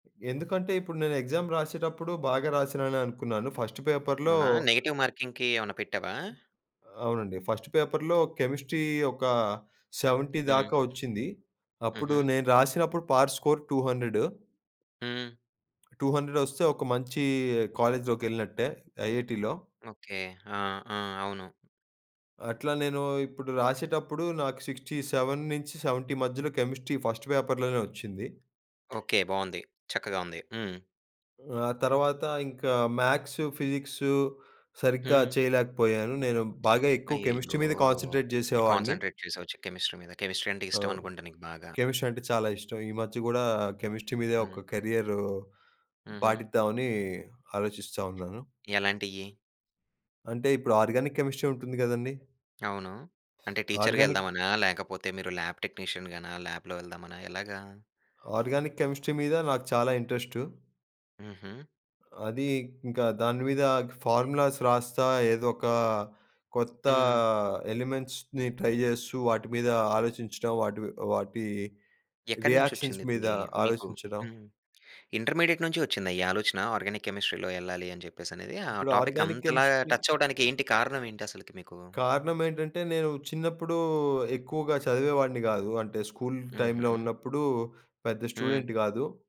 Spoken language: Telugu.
ఎందుకంటే, ఇప్పుడు నేను ఎగ్జామ్‌ రాసేటప్పుడు బాగా రాసానని అనుకున్నాను. ఫస్ట్ పేపర్‌లో అవునా? నెగెటివ్ మార్కింగ్‌కి ఏమన్నాపెట్టావా? అవునండి. ఫస్ట్ పేపర్‌లో కెమిస్ట్రీ ఒక 70 హ్మ్. దాక ఒచ్చింది. అప్పుడు హుహు. నేను రాసినప్పుడు, పార్ట్ స్కోర్ 200 హ్మ్. 200 ఒస్తే, ఒక మంచి కాలేజ్‌లోకెళ్ళినట్టే, ఐఐటీలో. ఓకే. ఆ! ఆ! అవును. అట్లా నేను ఇప్పుడు రాసేటప్పుడు, నాకు 67-70 మధ్యలో కెమిస్ట్రీ ఫస్ట్ పేపర్‌లోనే ఒచ్చింది. ఓకే బావుంది. చక్కగా ఉంది. హ్మ్. ఆ! తర్వాత ఇంకా మ్యాథ్స్, ఫిజిక్స్ సరిగ్గా హ్మ్. చేయలేకపోయాను. నేను బాగా ఎక్కువ కెమిస్ట్రీ అయ్యయ్యో! మీద కాన్సన్‌ట్రేట్ జేసేవాడిని. కాన్సన్‌ట్రేట్ చేసావు చిక్ కెమిస్ట్రీ మీద. కెమిస్ట్రీ అంటే అవును. ఇష్టమనుకుంటా నీకు బాగా? కెమిస్ట్రీ అంటే చాలా ఇష్టం. ఈ మధ్య గూడా కెమిస్ట్రీ మీదే హ్మ్. ఒక కెరియర్ హుహు. పాటిద్దామని, ఆలోచిస్తా ఉన్నాను. ఎలాంటియి? అంటే, ఇప్పుడు ఆర్గానిక్ కెమిస్ట్రీ ఉంటుంది గదండీ! అవును. అంటే టీచర్‌గా ఆర్గానిక్ ఎళ్దామనా, లేకపోతే మీరు ల్యాబ్ టెక్నీషియన్ గాన, ల్యాబ్‌లో ఎళ్దామనా ఎలాగా? ఆర్గానిక్ కెమిస్ట్రీ మీద నాకు చాలా ఇంట్రెస్టు. హుహు. అది ఇంకా దానిమీద ఫార్ములాస్ రాస్తా, ఏదోక కొత్త హ్మ్. ఎలిమెంట్స్‌ని ట్రై జేస్తూ, వాటిమీద ఆలోచించడం, వాటి వి వాటి రియాక్షన్స్ ఎక్కడినుంచొచ్చింది మీద ఇది. మీకు, ఆలోచించడం. హ్మ్. ఇంటర్‌మీడియేట్ నుంచి ఒచ్చిందా ఈ ఆలోచన, ఆర్గానిక్ కెమిస్ట్రీ‌లో ఎళ్ళాలి అని జెప్పేసనేది? ఆ ఇప్పుడు టాపిక్ ఆర్గానిక్ అంతలాగా కెమిస్ట్రీ టచ్ అవ్వడానికి ఏంటి కారణం ఏంటి అసలకి మీకు? కారణం ఏంటంటే, నేను చిన్నప్పుడు ఎక్కువగా చదివేవాడిని గాదు. అంటే, స్కూల్ టైమ్‌లో హుహు. ఉన్నప్పుడు పెద్ద హ్మ్. స్టూడెంట్ గాదు.